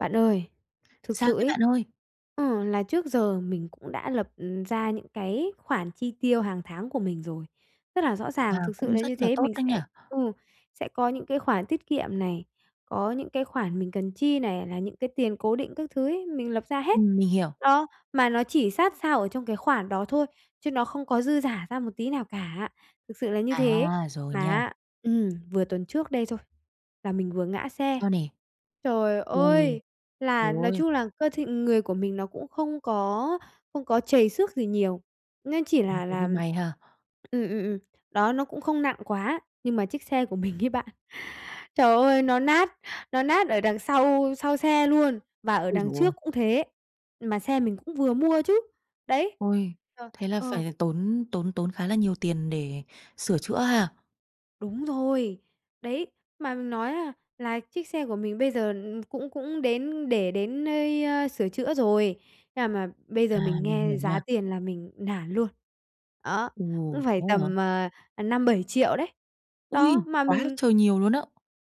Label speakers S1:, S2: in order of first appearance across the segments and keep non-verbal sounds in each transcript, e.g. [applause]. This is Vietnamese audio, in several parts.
S1: Bạn ơi, thực
S2: Sao
S1: sự
S2: thế
S1: ấy,
S2: bạn ơi?
S1: ừ, là trước giờ mình cũng đã lập, ừm, ra những cái khoản chi tiêu hàng tháng của mình rồi, rất là rõ
S2: À,
S1: ràng, thực sự
S2: cũng
S1: là như
S2: rất là
S1: thế.
S2: tốt
S1: Mình
S2: đấy nhỉ.
S1: sẽ ừ, sẽ có những cái khoản tiết kiệm này, có những cái khoản mình cần chi này, là những cái tiền cố định các thứ ấy, mình lập ra hết.
S2: Ừm, mình hiểu.
S1: Đó, mà nó chỉ sát sao ở trong cái khoản đó thôi chứ nó không có dư dả ra một tí nào cả, thực sự là như thế.
S2: À, rồi
S1: Mà
S2: nha.
S1: á ừm, vừa tuần trước đây thôi là mình vừa ngã xe.
S2: Sao nè?
S1: Trời
S2: Ừ.
S1: ơi! Là
S2: Trời
S1: nói
S2: ơi!
S1: chung là cơ thể người của mình nó cũng không có không có trầy xước gì nhiều, nên chỉ
S2: Ừ,
S1: là
S2: thế
S1: là
S2: thì may ha.
S1: ừm, ừm, ừm, đó, nó cũng không nặng quá, nhưng mà chiếc xe của mình ấy bạn, trời ơi, nó nát nó nát ở đằng sau sau xe luôn, và ở
S2: Ôi
S1: đằng
S2: giời ơi!
S1: trước cũng thế, mà xe mình cũng vừa mua chứ. Đấy!
S2: Ôi!
S1: Ờ,
S2: Thế là
S1: ờ.
S2: phải tốn tốn tốn khá là nhiều tiền để sửa chữa ha?
S1: Đúng rồi! Đấy, mà mình nói á là chiếc xe của mình bây giờ cũng cũng đến để đến nơi, ơ, sửa chữa rồi, nhưng mà mà bây giờ
S2: À,
S1: mình
S2: mình
S1: nghe
S2: hiểu
S1: giá
S2: nha.
S1: tiền là mình nản luôn, đó,
S2: Ừ,
S1: cũng phải
S2: thế hả?
S1: tầm, ờ, ờ, 5.000.000-7.000.000 đấy.
S2: Ôi!
S1: Đó, mà
S2: Quá là
S1: mình
S2: trời nhiều luôn á!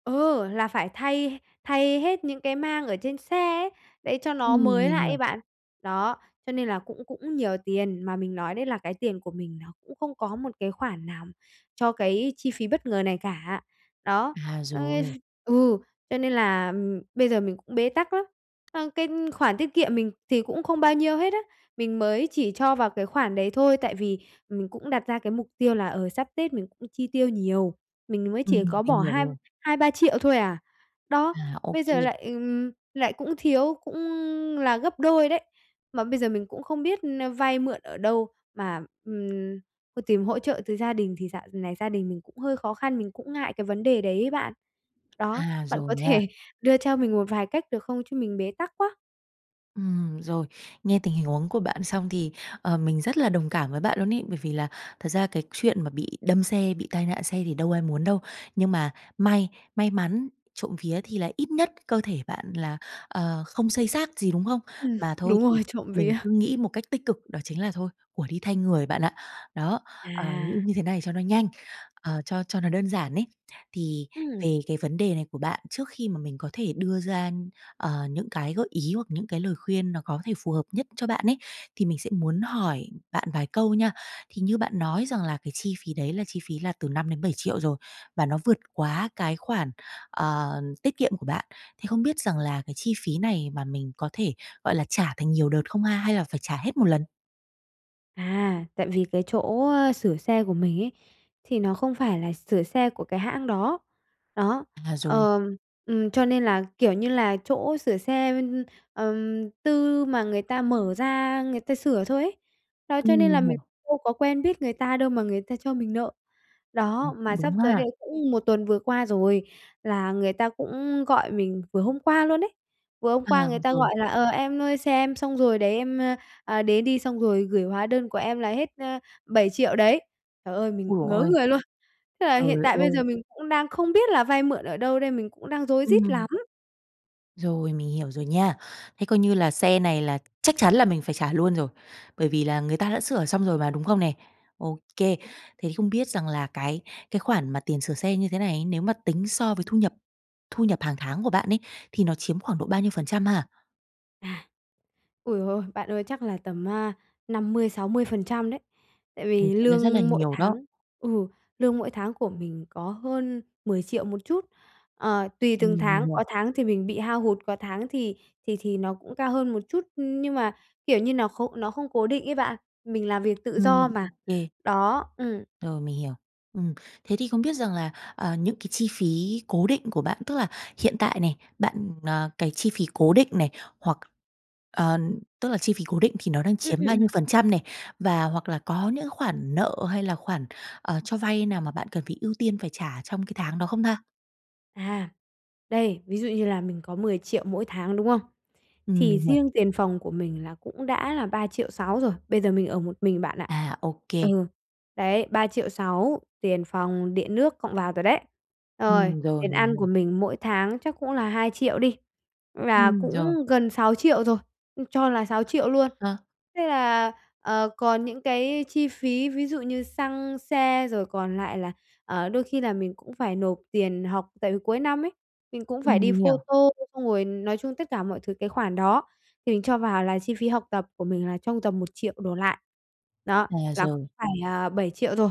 S1: Ừ, là phải thay thay hết những cái mang ở trên xe ấy, để cho nó
S2: Ừm,
S1: mới
S2: mình
S1: lại ấy
S2: hiểu.
S1: bạn. Đó, cho nên là cũng cũng nhiều tiền, mà mình nói đấy là cái tiền của mình nó cũng không có một cái khoản nào cho cái chi phí bất ngờ này cả. Đó,
S2: À,
S1: ơ
S2: rồi.
S1: ừ, cho nên là, ừm, bây giờ mình cũng bế tắc lắm. Ờ, cái khoản tiết kiệm mình thì cũng không bao nhiêu hết á, mình mới chỉ cho vào cái khoản đấy thôi, tại vì mình cũng đặt ra cái mục tiêu là, ờ, sắp Tết mình cũng chi tiêu nhiều, mình mới chỉ
S2: Ừm,
S1: có
S2: mình
S1: bỏ
S2: hiểu
S1: hai
S2: rồi.
S1: hai ba triệu thôi à. Đó,
S2: À,
S1: bây giờ
S2: OK.
S1: lại, ừm, lại cũng thiếu, cũng là gấp đôi đấy. Mà bây giờ mình cũng không biết n vay mượn ở đâu mà, ừm, ơ, tìm hỗ trợ từ gia đình thì dạo này gia đình mình cũng hơi khó khăn, mình cũng ngại cái vấn đề đấy ấy bạn. Đó,
S2: À,
S1: bạn
S2: rồi
S1: có
S2: nha.
S1: thể đưa cho mình một vài cách được không chứ mình bế tắc quá.
S2: Ừm, rồi, nghe tình hình huống của bạn xong thì, ờ, mình rất là đồng cảm với bạn luôn ấy, bởi vì là thật ra cái chuyện mà bị đâm xe, bị tai nạn xe thì đâu ai muốn đâu. Nhưng mà may may mắn trộm vía thì lại ít nhất cơ thể bạn là, ờ, không xây xát gì, đúng không?
S1: Ừm,
S2: Mà thôi
S1: đúng
S2: thì
S1: rồi, trộm
S2: mình
S1: vía.
S2: cứ
S1: [laughs]
S2: nghĩ một cách tích cực đó chính là "thôi, của đi thay người" bạn ạ. Đó, ờ, nghĩ
S1: À.
S2: như thế này cho nó nhanh, ờ, cho cho nó đơn giản ấy. Thì
S1: Ừm.
S2: về cái vấn đề này của bạn, trước khi mà mình có thể đưa ra, ờ, những cái gợi ý hoặc những cái lời khuyên nó có thể phù hợp nhất cho bạn ấy, thì mình sẽ muốn hỏi bạn vài câu nha. Thì như bạn nói rằng là cái chi phí đấy là chi phí là từ 5.000.000-7.000.000 rồi, và nó vượt quá cái khoản, ờ, tiết kiệm của bạn, thì không biết rằng là cái chi phí này mà mình có thể, gọi là, trả thành nhiều đợt không ha, hay là phải trả hết một lần?
S1: À, tại vì cái chỗ, ơ, sửa xe của mình ấy, thì nó không phải là sửa xe của cái hãng đó. Đó,
S2: À, rồi.
S1: ờ, ừm, cho nên là, kiểu như là, chỗ sửa xe, ừm, tư mà người ta mở ra người ta sửa thôi ấy. Đó cho
S2: Ừm,
S1: nên
S2: mình
S1: là mình
S2: hiểu.
S1: đâu có quen biết người ta đâu mà người ta cho mình nợ.
S2: À, cũng
S1: Đó, mà
S2: đúng
S1: sắp tới
S2: ha.
S1: đây cũng một tuần vừa qua rồi, là người ta cũng gọi mình vừa hôm qua luôn ấy. Vừa hôm
S2: À,
S1: qua người ta
S2: rồi.
S1: gọi là: "Ờ, em ơi xe em xong rồi đấy, em, ơ, à, đến đi", xong rồi gửi hóa đơn của em là hết, a, 7.000.000 đấy. Trời ơi, mình
S2: Ôi giời
S1: ngớ
S2: ơi!
S1: người luôn. Thế là hiện
S2: Trời
S1: tại bây
S2: ơi!
S1: giờ mình cũng đang không biết là vay mượn ở đâu đây, mình cũng đang rối rít
S2: Ừm.
S1: lắm.
S2: Rồi, mình hiểu rồi nha. Thế coi như là xe này là chắc chắn là mình phải trả luôn rồi. Bởi vì là người ta đã sửa xong rồi mà, đúng không nè? Ô kê, thế không biết rằng là cái cái khoản mà tiền sửa xe như thế này, nếu mà tính so với thu nhập thu nhập hàng tháng của bạn ấy, thì nó chiếm khoảng độ bao nhiêu phần trăm ha?
S1: À! Ui, ôi, bạn ơi! Chắc là tầm á, 50%-60% đấy. Tại
S2: Ồ!
S1: vì
S2: Cũng đã rất là
S1: lương mỗi
S2: nhiều đó.
S1: tháng ừ, lương mỗi tháng của mình có hơn 10.000.000 một chút. Ờ, tùy
S2: Ừm,
S1: từng
S2: mình
S1: tháng,
S2: hiểu.
S1: có tháng thì mình bị hao hụt, có tháng thì thì thì nó cũng cao hơn một chút nhưng mà, kiểu như, nó khô nó không cố định ấy bạn, mình làm việc tự do
S2: Ừm, ô
S1: mà.
S2: kê.
S1: Đó, ừm.
S2: Rồi, mình hiểu. Ừm. Thế thì không biết rằng là, à, những cái chi phí cố định của bạn, tức là hiện tại này, bạn, ờ, cái chi phí cố định này, hoặc ờ, tức là, chi phí cố định thì nó đang
S1: Ừm,
S2: chiếm
S1: ừm,
S2: bao nhiêu
S1: ừm.
S2: phần trăm này? Và hoặc là có những khoản nợ hay là khoản, à, cho vay nào mà bạn cần phải ưu tiên phải trả trong cái tháng đó không ta?
S1: À, đây, ví dụ như là mình có 10.000.000 mỗi tháng, đúng không?
S2: Ừm,
S1: Thì
S2: mình hiểu.
S1: riêng tiền phòng của mình là cũng đã là 3.600.000 rồi, bây giờ mình ở một mình bạn ạ.
S2: À, ô kê.
S1: Ừ, đấy, 3.600.000 tiền phòng, điện nước cộng vào rồi đấy. Rồi
S2: Ừm, rồi,
S1: tiền
S2: mình
S1: ăn
S2: hiểu.
S1: của mình mỗi tháng chắc cũng là 2.000.000 đi, là
S2: Ừm, rồi.
S1: cũng gần 6.000.000 rồi, ừ, cho là 6.000.000 luôn.
S2: Ờ.
S1: Thế là, ờ, còn những cái chi phí ví dụ như xăng xe rồi còn lại là, ờ, đôi khi là mình cũng phải nộp tiền học, tại vì cuối năm ấy, mình cũng phải
S2: Ừm,
S1: đi
S2: mình hiểu.
S1: phô-tô, xong rồi nói chung tất cả mọi thứ cái khoản đó, mình cho vào là chi phí học tập của mình là trong tầm 1.000.000 đổ lại. Đó,
S2: À,
S1: là cũng
S2: rồi.
S1: phải, à, 7.000.000 rồi,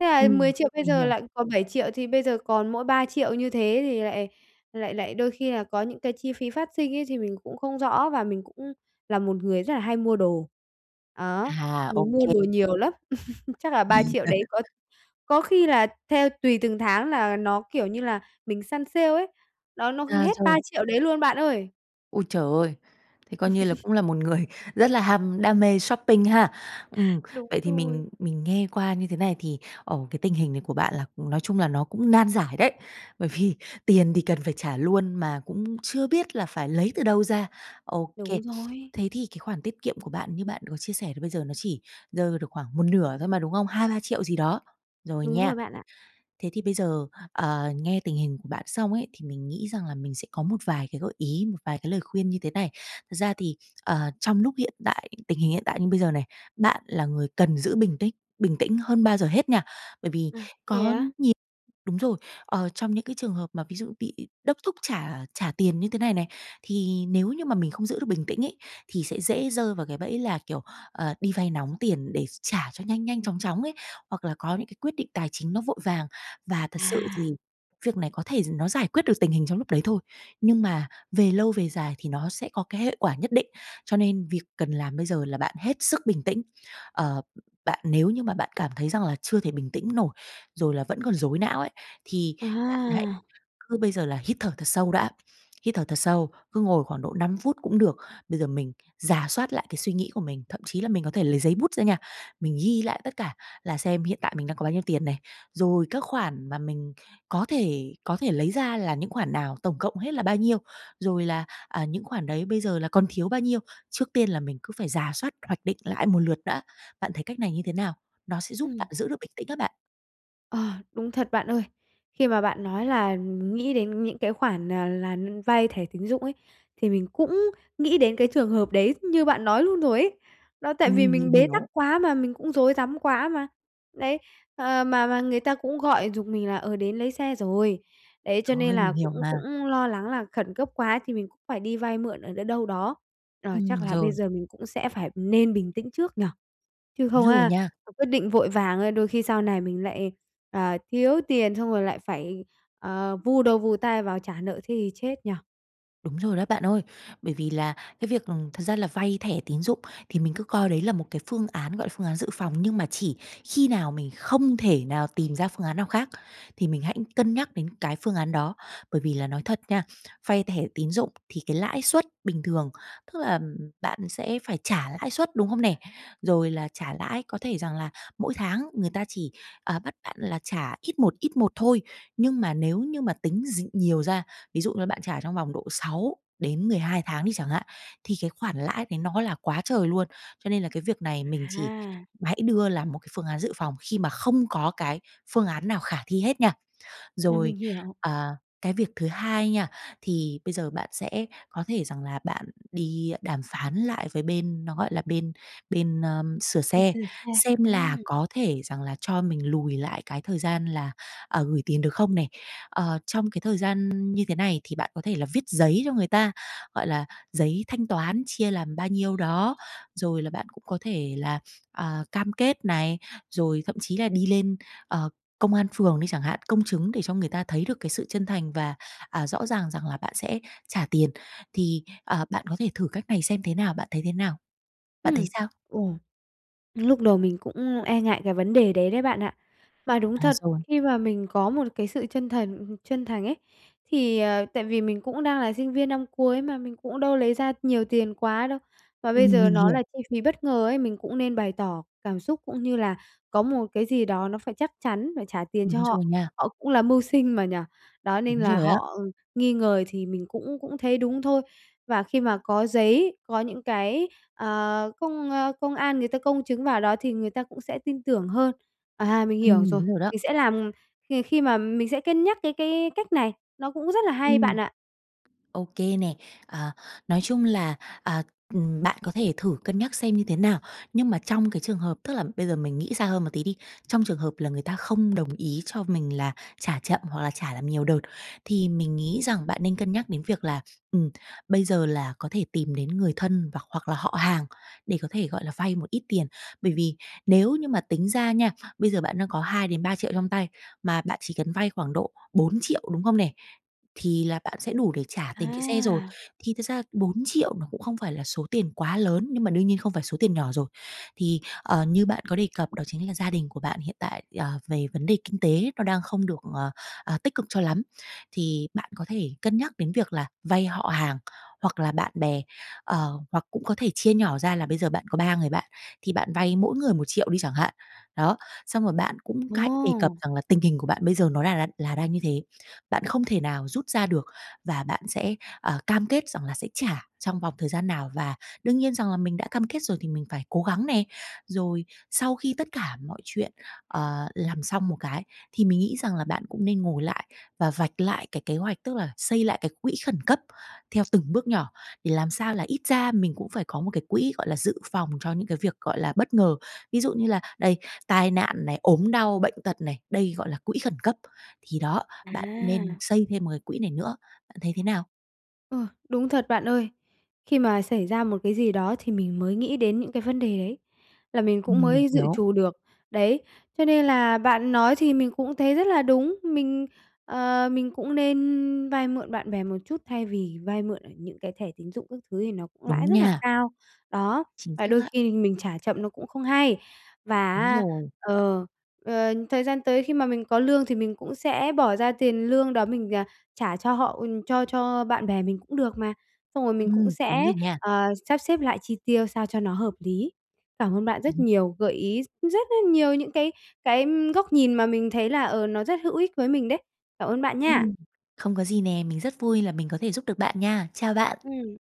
S1: thế là
S2: Ừm,
S1: 10.000.000 bây
S2: mình
S1: giờ
S2: hiểu.
S1: lại còn 7.000.000 thì bây giờ còn mỗi 3.000.000 như thế thì lại lại lại đôi khi là có những cái chi phí phát sinh ấy thì mình cũng không rõ và mình cũng là một người rất là hay mua đồ. Á,
S2: À, ô
S1: mình mua
S2: kê.
S1: đồ nhiều lắm, [laughs] chắc là 3.000.000 đấy có
S2: [laughs]
S1: có khi là theo tùy từng tháng là nó kiểu như là mình săn sale ấy, đó, nó gần
S2: À,
S1: hết ba
S2: rồi.
S1: triệu đấy luôn bạn ơi.
S2: Ôi trời ơi, thế coi như là cũng là
S1: [laughs]
S2: một người rất là ham đam mê shopping ha. Ừm,
S1: Đúng
S2: vậy thì
S1: rồi.
S2: mình mình nghe qua như thế này thì, ờ, cái tình hình này của bạn là, nói chung là nó cũng nan giải đấy. Bởi vì tiền thì cần phải trả luôn mà cũng chưa biết là phải lấy từ đâu ra. Ô kê.
S1: Đúng rồi.
S2: Thế thì cái khoản tiết kiệm của bạn như bạn có chia sẻ thì bây giờ nó chỉ rơi ra được khoảng một nửa thôi mà, đúng không? 2-3 triệu gì đó, rồi
S1: Đúng
S2: nha.
S1: rồi bạn ạ.
S2: Thế thì bây giờ, ờ, nghe tình hình của bạn xong ấy, thì mình nghĩ rằng là mình sẽ có một vài cái gợi ý, một vài cái lời khuyên như thế này. Thật ra thì, ờ, trong lúc hiện tại tình hình hiện tại như bây giờ này, bạn là người cần giữ bình tính bình tĩnh hơn bao giờ hết nha, bởi vì
S1: À, thế
S2: có
S1: á?
S2: nhiều đúng rồi, ờ, trong những cái trường hợp mà ví dụ bị đốc thúc trả trả tiền như thế này này, thì nếu như mà mình không giữ được bình tĩnh ấy, thì sẽ dễ rơi vào cái bẫy là, kiểu, ờ, đi vay nóng tiền để trả cho nhanh nhanh chóng chóng ấy, hoặc là có những cái quyết định tài chính nó vội vàng. Và thật sự
S1: À!
S2: thì việc này có thể nó giải quyết được tình hình trong lúc đấy thôi, nhưng mà về lâu về dài thì nó sẽ có cái hệ quả nhất định, cho nên việc cần làm bây giờ là bạn hết sức bình tĩnh. Ờ, bạn nếu như mà bạn cảm thấy rằng là chưa thể bình tĩnh nổi, rồi là vẫn còn rối não ấy, thì bạn hãy
S1: À!
S2: cứ bây giờ là hít thở thật sâu đã, hít thở thật sâu, cứ ngồi khoảng độ 5 phút cũng được. Bây giờ mình rà soát lại cái suy nghĩ của mình, thậm chí là mình có thể lấy giấy bút ra nha, mình ghi lại tất cả là xem hiện tại mình đang có bao nhiêu tiền này. Rồi các khoản mà mình có thể có thể lấy ra là những khoản nào, tổng cộng hết là bao nhiêu, rồi là, à, những khoản đấy bây giờ là còn thiếu bao nhiêu, trước tiên là mình cứ phải rà soát, hoạch định lại một lượt đã. Bạn thấy cách này như thế nào? Nó sẽ giúp bạn
S1: Ừm.
S2: giữ được bình tĩnh á bạn.
S1: Ờ, đúng thật bạn ơi. Khi mà bạn nói là nghĩ đến những cái khoản, à, là vay thẻ tín dụng ấy, thì mình cũng nghĩ đến cái trường hợp đấy như bạn nói luôn rồi ấy. Đó, tại vì
S2: Ừm, mình
S1: mình bế tắc
S2: hiểu.
S1: quá mà, mình cũng rối rắm quá mà. Đấy, ờ, mà mà người ta cũng gọi giục mình là, ờ, đến lấy xe rồi. Đấy, cho
S2: Trời
S1: nên
S2: ơi, mình
S1: là
S2: hiểu
S1: cũng cũng
S2: mà.
S1: lo lắng là khẩn cấp quá thì mình cũng phải đi vay mượn ở ở đâu đâu đó. Ờ,
S2: Ừm,
S1: chắc là bây
S2: rồi.
S1: giờ mình cũng sẽ phải nên bình tĩnh trước nhỉ, chứ
S2: Đúng
S1: không
S2: rồi
S1: á,
S2: nha.
S1: mà quyết định vội vàng đôi khi sau này mình lại, ờ, thiếu tiền xong rồi lại phải, à, vùi đầu vùi tai vào trả nợ thế thì chết nhỉ.
S2: Đúng rồi đó bạn ơi. Bởi vì là cái việc, ừm, thật ra là vay thẻ tín dụng thì mình cứ coi đấy là một cái phương án, gọi là, phương án dự phòng, nhưng mà chỉ khi nào mình không thể nào tìm ra phương án nào khác thì mình hãy cân nhắc đến cái phương án đó. Bởi vì là nói thật nha, vay thẻ tín dụng thì cái lãi suất bình thường, tức là bạn sẽ phải trả lãi suất, đúng không nè? Rồi là trả lãi có thể rằng là mỗi tháng người ta chỉ, ờ, bắt bạn là trả ít một, ít một thôi. Nhưng mà nếu như mà tính d nhiều ra, ví dụ như bạn trả trong vòng độ 6 đến 12 tháng đi chẳng hạn, thì cái khoản lãi đấy nó là quá trời luôn. Cho nên là cái việc này mình chỉ
S1: À.
S2: hãy đưa làm một cái phương án dự phòng khi mà không có cái phương án nào khả thi hết nha.
S1: À,
S2: Rồi,
S1: mình hiểu.
S2: ờ, cái việc thứ hai nha, thì bây giờ bạn sẽ có thể rằng là bạn đi đàm phán lại với bên nó, gọi là, bên, à, bên sửa
S1: Bên
S2: xe,
S1: sửa xe.
S2: xem
S1: Ừm.
S2: là có thể rằng là cho mình lùi lại cái thời gian là, ờ, gửi tiền được không nè. Ờ, trong cái thời gian như thế này thì bạn có thể là viết giấy cho người ta, gọi là, giấy thanh toán chia làm bao nhiêu đó, rồi là bạn cũng có thể là, à, cam kết này, rồi thậm chí là đi lên, ờ, công an phường đi chẳng hạn, công chứng để cho người ta thấy được cái sự chân thành và, à, rõ ràng rằng là bạn sẽ trả tiền. Thì, à, bạn có thể thử cách này xem thế nào, bạn thấy thế nào? Bạn thấy
S1: Ừm,
S2: sao?
S1: ồ, lúc đầu mình cũng e ngại cái vấn đề đấy đấy bạn ạ. Mà đúng
S2: À,
S1: thật,
S2: rồi.
S1: khi mà mình có một cái sự chân thần chân thành ấy, thì, ờ, tại vì mình cũng đang là sinh viên năm cuối mà, mình cũng đâu lấy ra nhiều tiền quá đâu. Mà bây
S2: Ừm,
S1: giờ
S2: Mình
S1: nó
S2: hiểu.
S1: là chi phí bất ngờ ấy, mình cũng nên bày tỏ cảm xúc cũng như là có một cái gì đó nó phải chắc chắn phải trả tiền cho
S2: Đúng rồi
S1: họ,
S2: nha.
S1: họ cũng là mưu sinh mà, nhỉ. Đó, nên
S2: Đúng
S1: là
S2: rồi á.
S1: họ nghi ngờ thì mình cũng cũng thấy đúng thôi. Và khi mà có giấy, có những cái, ờ, công a công an người ta công chứng vào đó thì người ta cũng sẽ tin tưởng hơn. À, mình hiểu
S2: Ừm,
S1: rồi.
S2: đúng rồi đó.
S1: Mình sẽ làm khi khi mà mình sẽ cân nhắc cái cái cách này, nó cũng rất là hay, bạn
S2: Ừm.
S1: ạ.
S2: Ô kê nè, ờ, nói chung là, à, ừm, bạn có thể thử cân nhắc xem như thế nào. Nhưng mà trong cái trường hợp tức là, bây giờ mình nghĩ xa hơn một tí đi. Trong trường hợp là người ta không đồng ý cho mình là trả chậm hoặc là trả làm nhiều đợt thì mình nghĩ rằng bạn nên cân nhắc đến việc là, ừm, bây giờ là có thể tìm đến người thân và hoặc là họ hàng để có thể, gọi là, vay một ít tiền. Bởi vì nếu như mà tính ra nha, bây giờ bạn đang có 2.000.000 đến 3.000.000 trong tay mà bạn chỉ cần vay khoảng độ 4.000.000, đúng không nè? Thì là bạn sẽ đủ để trả tiền cái xe rồi.
S1: À.
S2: Thì thực ra 4.000.000 nó cũng không phải là số tiền quá lớn, nhưng mà đương nhiên không phải là số tiền nhỏ rồi. Thì, ờ, như bạn có đề cập đó chính là gia đình của bạn hiện tại, ờ, về vấn đề kinh tế nó đang không được, ờ, ờ, tích cực cho lắm, thì bạn có thể cân nhắc đến việc là vay họ hàng, hoặc là bạn bè, ờ, hoặc cũng có thể chia nhỏ ra là bây giờ bạn có 3 người bạn, thì bạn vay mỗi người 1.000.000 đi chẳng hạn. Đó, xong rồi bạn cũng hãy đề cập
S1: Ồ.
S2: rằng là tình hình của bạn bây giờ nó là là là đang như thế. Bạn không thể nào rút ra được và bạn sẽ, ờ, cam kết rằng là sẽ trả trong vòng thời gian nào và đương nhiên rằng là mình đã cam kết rồi thì mình phải cố gắng nè. Rồi sau khi tất cả mọi chuyện, ờ, làm xong một cái, thì mình nghĩ rằng là bạn cũng nên ngồi lại và vạch lại cái kế hoạch, tức là xây lại cái quỹ khẩn cấp theo từng bước nhỏ, thì làm sao là ít ra mình cũng phải có một cái quỹ, gọi là, dự phòng cho những cái việc, gọi là, bất ngờ. Ví dụ như là đây, tai nạn này, ốm đau, bệnh tật này, đây gọi là quỹ khẩn cấp. Thì đó, bạn cũng nên
S1: À.
S2: xây thêm một cái quỹ này nữa. Bạn thấy thế nào?
S1: Ờ, đúng thật bạn ơi. Khi mà xảy ra một cái gì đó thì mình mới nghĩ đến những cái vấn đề đấy, là mình cũng
S2: Ừm,
S1: mới dự
S2: hiểu.
S1: trù được, đấy. Cho nên là bạn nói thì mình cũng thấy rất là đúng, mình ờ, mình cũng nên vay mượn bạn bè một chút thay vì vay mượn ở những cái thẻ tín dụng các thứ thì nó cũng
S2: Đúng
S1: lãi rất là
S2: nha.
S1: cao. Đó,
S2: Chính
S1: và
S2: xác
S1: đôi khi
S2: á.
S1: thì mình trả chậm nó cũng không hay. Và
S2: Đúng
S1: á,
S2: rồi.
S1: ờ, ờ, thời gian tới khi mà mình có lương thì mình cũng sẽ bỏ ra tiền lương đó mình, à, trả cho họ cho cho bạn bè mình cũng được mà. Xong rồi mình cũng
S2: Ừm, đúng
S1: sẽ,
S2: rồi nha.
S1: ờ, sắp xếp lại chi tiêu sao cho nó hợp lý. Cảm ơn bạn rất
S2: [unintelligible]
S1: nhiều, gợi ý rất, rất nhiều những cái cái góc nhìn mà mình thấy là, ờ, nó rất hữu ích với mình đấy. Cảm ơn bạn nha.
S2: Ừm, không có gì nè, mình rất vui là mình có thể giúp được bạn nha. Chào bạn.
S1: Ừm.